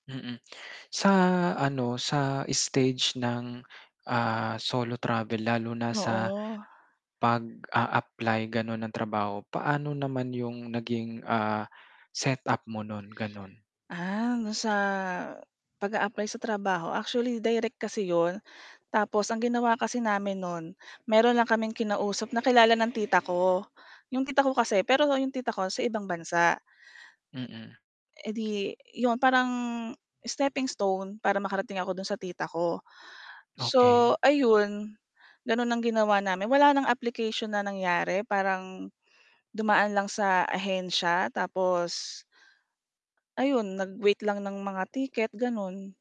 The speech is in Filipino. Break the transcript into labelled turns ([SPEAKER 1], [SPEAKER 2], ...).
[SPEAKER 1] Mm, sa ano, sa stage ng, ah, solo travel lalo na sa,
[SPEAKER 2] Oo.
[SPEAKER 1] pag-a-apply ganun ng trabaho, paano naman yung naging, ah, set up mo nun gano'n?
[SPEAKER 2] Ah, do'n sa pag-a-apply sa trabaho actually direct kasi 'yon tapos ang ginawa kasi namin no'n meron lang kaming kinausap na kilala ng tita ko. 'Yong tita ko kasi pero 'yong tita ko sa ibang bansa
[SPEAKER 1] Mm.
[SPEAKER 2] e edi 'yon parang steppingstone para makarating ako do'n sa tita ko, so
[SPEAKER 1] Okey.
[SPEAKER 2] ayun, gano'n ang ginawa namin wala ng application na nangyari parang dumaan lang sa ahensya tapos Ayun, nag-wait lang ng mga ticket, ganun.